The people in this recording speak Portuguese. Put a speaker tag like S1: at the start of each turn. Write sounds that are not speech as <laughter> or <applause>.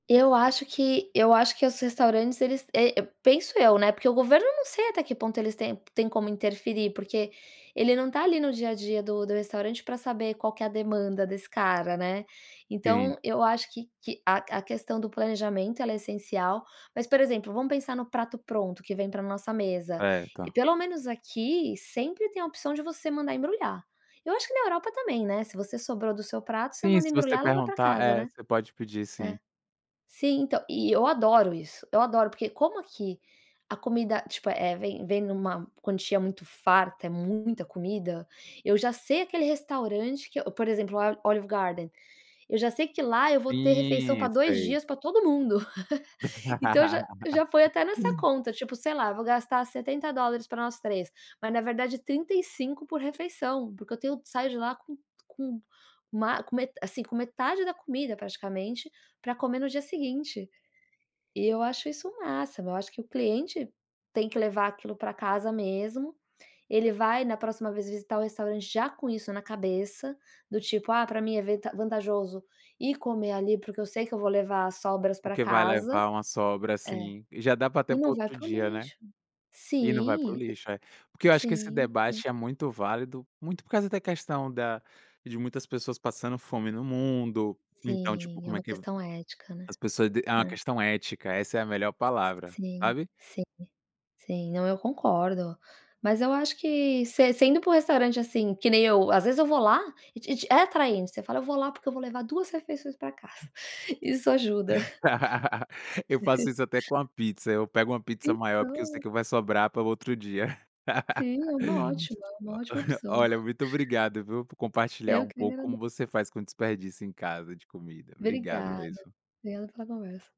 S1: Eu acho que eu acho que os restaurantes eles, eh, penso eu, né, porque o governo não sei até que ponto eles têm têm como interferir, porque ele não está ali no dia a dia do do restaurante, para saber qual que é a demanda desse cara, né.
S2: Sim.
S1: Então eu acho que que a a questão do planejamento ela é essencial. Mas, por exemplo vamos pensar no prato pronto que vem para nossa mesa,
S2: É,
S1: e
S2: tá.
S1: pelo menos aqui sempre tem a opção de você mandar embrulhar. Eu acho que na Europa também, né? Se você sobrou do seu prato você
S2: Sim,
S1: manda
S2: se você
S1: embrulhar e leva para
S2: perguntar
S1: casa,
S2: é,
S1: né?
S2: você pode pedir sim.
S1: É. Sim. Então, e e eu adoro isso, eu adoro porque como aqui a comida, tipo, eh, vem vem em uma quantia muito farta, é muita comida, eu já sei aquele restaurante que por exemplo, o Olive Garden, eu já sei que lá eu vou ter refeição para
S2: Isso.
S1: 2
S2: Sei.
S1: dias para todo mundo. <chuckles> Então, eu já foi
S2: <laughs>
S1: até nessa conta, tipo, sei lá, vou gastar $70 para nós 3, mas na verdade 35 por refeição, porque eu tenho saio de lá com com, assim, com metade da comida praticamente para comer no dia seguinte. E eu acho isso um máximo. Eu acho que o cliente tem que levar aquilo para casa mesmo, ele vai na próxima vez visitar o restaurante já com isso na cabeça, do tipo: "Ah, para mim é vent vantajoso ir comer ali porque eu sei que eu vou levar as sobras para
S2: Porque vai
S1: casa."
S2: levar uma sobra
S1: É.
S2: assim, e já dá até
S1: E
S2: para
S1: não vai
S2: outro
S1: para o
S2: dia, né.
S1: lixo.
S2: E não vai para o
S1: Sim,
S2: lixo. É. Porque eu acho que esse
S1: sim, né.
S2: debate é muito válido, muito por causa da questão da de muitas pessoas passando fome no mundo, então, tipo,
S1: Sim, é
S2: como é
S1: uma
S2: que
S1: questão ética, né.
S2: as pessoas d é uma
S1: É.
S2: questão ética, essa é a melhor
S1: S
S2: palavra,
S1: Sim.
S2: sabe.
S1: Sim, sim. Não, eu concordo. Mas eu acho que se sendo para o restaurante assim que nem eu, às vezes, eu vou lá, e te te é atraente, você fala: "Eu vou lá porque eu vou levar 2 refeições para casa." Isso ajuda.
S2: <laughs> Eu faço isso até com a
S1: <chuckles>
S2: pizza. Eu pego uma pizza maior porque eu sei
S1: Então.
S2: que vai sobrar para o outro dia.
S1: Sim, é uma ótima, é uma ótima
S2: <laughs>
S1: opção.
S2: Olha,
S1: <chuckles>
S2: muito obrigado, viu, por
S1: É
S2: compartilhar
S1: eu
S2: um
S1: que lhe
S2: pouco,
S1: agrade
S2: como você faz com desperdício, em casa, de comida, obrigado
S1: Obrigada
S2: mesmo.
S1: pela conversa.